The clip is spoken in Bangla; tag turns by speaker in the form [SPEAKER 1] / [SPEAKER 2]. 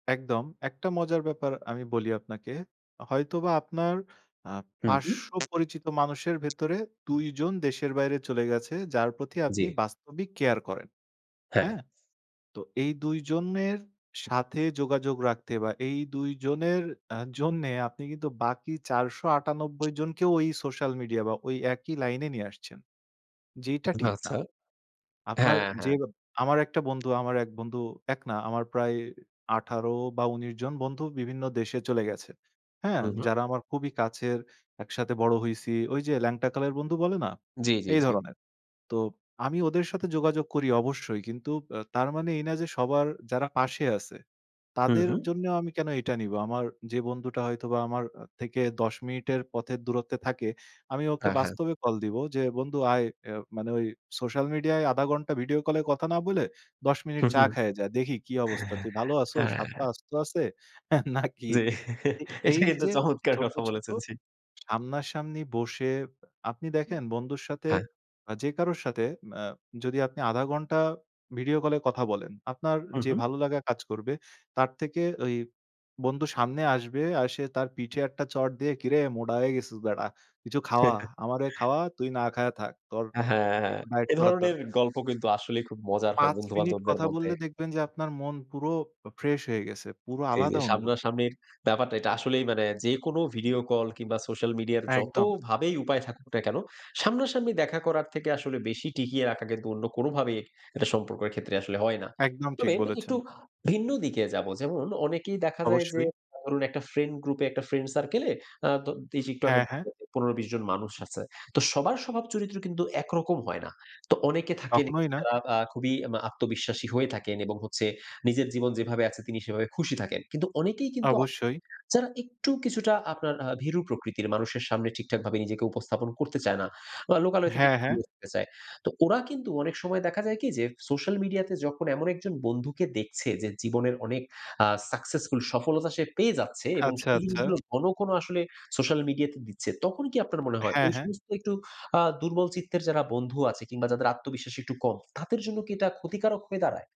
[SPEAKER 1] একদম। একটা মজার ব্যাপার আমি বলি আপনাকে। হয়তোবা আপনার আ
[SPEAKER 2] হুম, হুম।
[SPEAKER 1] পার্শ্ব পরিচিত মানুষের ভেতরে ২ জন দেশের বাইরে চলে গেছে, যার প্রতি আপনি
[SPEAKER 2] জি।
[SPEAKER 1] বাস্তবিক কেয়ার করেন।
[SPEAKER 2] হ্যাঁ।
[SPEAKER 1] হ্যাঁ? তো এই ২ জনের সাথে যোগাযোগ রাখতে বা এই ২ জনের আ জন্যে, আপনি কিন্তু বাকি ৪৯৮ জনকেও ওই সোশ্যাল মিডিয়া বা ওই একই লাইনে নিয়ে আসছেন। যেইটা ঠিক না।
[SPEAKER 2] আচ্ছা। হ্যাঁ,
[SPEAKER 1] আপনার যে আমার একটা
[SPEAKER 2] হ্যাঁ।
[SPEAKER 1] বন্ধু আমার এক বন্ধু এক না আমার প্রায় ১৮ বা ১৯ জন বন্ধু বিভিন্ন দেশে চলে গেছে। হ্যাঁ?
[SPEAKER 2] হুম, হুম।
[SPEAKER 1] যারা আমার খুবই কাছের একসাথে বড় হইছি। ওই যে ল্যাংটাকালের বন্ধু বলে না?
[SPEAKER 2] জি, জি,
[SPEAKER 1] এই
[SPEAKER 2] জি।
[SPEAKER 1] ধরনের। তো আমি ওদের সাথে যোগাযোগ করি অবশ্যই। কিন্তু আ তার মানে এই না যে সবার যারা পাশে আছে,
[SPEAKER 2] হুম,
[SPEAKER 1] তাদের
[SPEAKER 2] হুম।
[SPEAKER 1] জন্য আমি কেন এটা নিবো? আমার যে বন্ধুটা হয়তোবা আমার আ থেকে ১০ মিনিটের পথের দূরত্বে থাকে, আমি ওকে
[SPEAKER 2] আ হ্যাঁ।
[SPEAKER 1] বাস্তবে কল দিব যে বন্ধু আয় ইয়ে মানে ওই সোশ্যাল মিডিয়ায় ০.৫ ঘন্টা ভিডিও কলে কথা না বলে "১০ মিনিট
[SPEAKER 2] হুম,
[SPEAKER 1] চা
[SPEAKER 2] হুম।
[SPEAKER 1] খাইয়া যা। দেখি কি অবস্থা। তুই ভালো আছোস? হাত, পা
[SPEAKER 2] অ্যা
[SPEAKER 1] আস্ত আছে? হ্যাঁ, নাকি?"
[SPEAKER 2] জি। এটা,
[SPEAKER 1] এই
[SPEAKER 2] কিন্তু
[SPEAKER 1] যে,
[SPEAKER 2] চমৎকার
[SPEAKER 1] ছোট
[SPEAKER 2] কথা
[SPEAKER 1] ছোট
[SPEAKER 2] বলেছেন জি।
[SPEAKER 1] সামনা-সামনি বসে আপনি দেখেন বন্ধুর সাথে
[SPEAKER 2] হ্যাঁ।
[SPEAKER 1] যে কারোর সাথে ম্যা যদি আপনি ০.৫ ঘণ্টা ভিডিও কলে কথা বলেন, আপনার
[SPEAKER 2] হুম,
[SPEAKER 1] যে
[SPEAKER 2] হুম।
[SPEAKER 1] ভালোলাগা কাজ করবে তার থেকে ওই বন্ধু সামনে আসবে, আর সে তার পিঠে একটা চড় দিয়ে, “কিরে মোডা হয়ে গেছস বেডা কিছু খাওয়া। আমারে খাওয়া তুই না খাইয়া থাক। তোর
[SPEAKER 2] আ হ্যাঁ,
[SPEAKER 1] একটু ডায়েট
[SPEAKER 2] এ
[SPEAKER 1] করার
[SPEAKER 2] ধরনের
[SPEAKER 1] দরকার।”
[SPEAKER 2] গল্প কিন্তু আসলেই খুব মজার হয়
[SPEAKER 1] ৫
[SPEAKER 2] বন্ধু
[SPEAKER 1] মিনিট
[SPEAKER 2] বান্ধবদের
[SPEAKER 1] কথা
[SPEAKER 2] মধ্যে।
[SPEAKER 1] বললে দেখবেন যে আপনার মন পুরো অ ফ্রেশ হয়ে গেছে, পুরো
[SPEAKER 2] জি, জি,
[SPEAKER 1] আলাদা
[SPEAKER 2] যে
[SPEAKER 1] অনুভূতি।
[SPEAKER 2] সামনাসামনির ব্যাপারটা, এটা আসলেই মানে যেকোনো ভিডিও কল কিংবা সোশ্যাল মিডিয়ার
[SPEAKER 1] একদম।
[SPEAKER 2] যতভাবেই উপায় থাকুক না কেন, সামনাসামনি দেখা করার থেকে আসলে বেশি টিকিয়ে রাখা কিন্তু অন্য কোনভাবেই একটা সম্পর্কের ক্ষেত্রে আসলে হয় না।
[SPEAKER 1] একদম, ঠিক
[SPEAKER 2] তবে
[SPEAKER 1] বলেছেন।
[SPEAKER 2] একটু ভিন্ন দিকে যাবো। যেমন, অনেকেই দেখা যায় যে
[SPEAKER 1] অবশ্যই।
[SPEAKER 2] ধরুন একটা ফ্রেন্ড গ্রুপে, একটা ফ্রেন্ড সার্কেলে। আ তো [unintelligible] একটু আগে
[SPEAKER 1] হ্যাঁ, হ্যাঁ।
[SPEAKER 2] ১৫-২০ জন মানুষ আছে। তো সবার স্বভাব চরিত্র কিন্তু একরকম হয় না। তো অনেকে থাকেন একটু
[SPEAKER 1] কখনোই না।
[SPEAKER 2] যারা বা আ খুবই এম আ আত্মবিশ্বাসী হয়ে থাকেন এবং হচ্ছে নিজের জীবন যেভাবে আছে, তিনি সেভাবে খুশি থাকেন। কিন্তু অনেকেই কিন্তু, [unintelligible]
[SPEAKER 1] অবশ্যই।
[SPEAKER 2] যারা একটু কিছুটা আপনার আ ভীরু প্রকৃতির। মানুষের সামনে ঠিকঠাকভাবে নিজেকে উপস্থাপন করতে চায় না, বা লোকালয় থেকে
[SPEAKER 1] হ্যাঁ, হ্যাঁ।
[SPEAKER 2] দূরে থাকতে চায়। তো ওরা কিন্তু অনেক সময় দেখা যায় কি, যে সোশ্যাল মিডিয়াতে যখন এমন একজন বন্ধুকে দেখছে, যে জীবনে অনেক আ সাকসেসফুল, সফলতা সে পেয়ে যাচ্ছে এবং
[SPEAKER 1] আচ্ছা,
[SPEAKER 2] সেই
[SPEAKER 1] আচ্ছা।
[SPEAKER 2] জিনিসগুলো ঘন, ঘন আসলে সোশ্যাল মিডিয়াতে দিচ্ছে, তখন কি আপনার মনে হয়
[SPEAKER 1] হ্যাঁ,
[SPEAKER 2] ওই
[SPEAKER 1] হ্যাঁ।
[SPEAKER 2] সমস্ত একটু আ দুর্বল চিত্তের যারা বন্ধু আছে কিংবা যাদের আত্মবিশ্বাস একটু কম, তাদের জন্য কি এটা ক্ষতিকারক হয়ে দাঁড়ায়?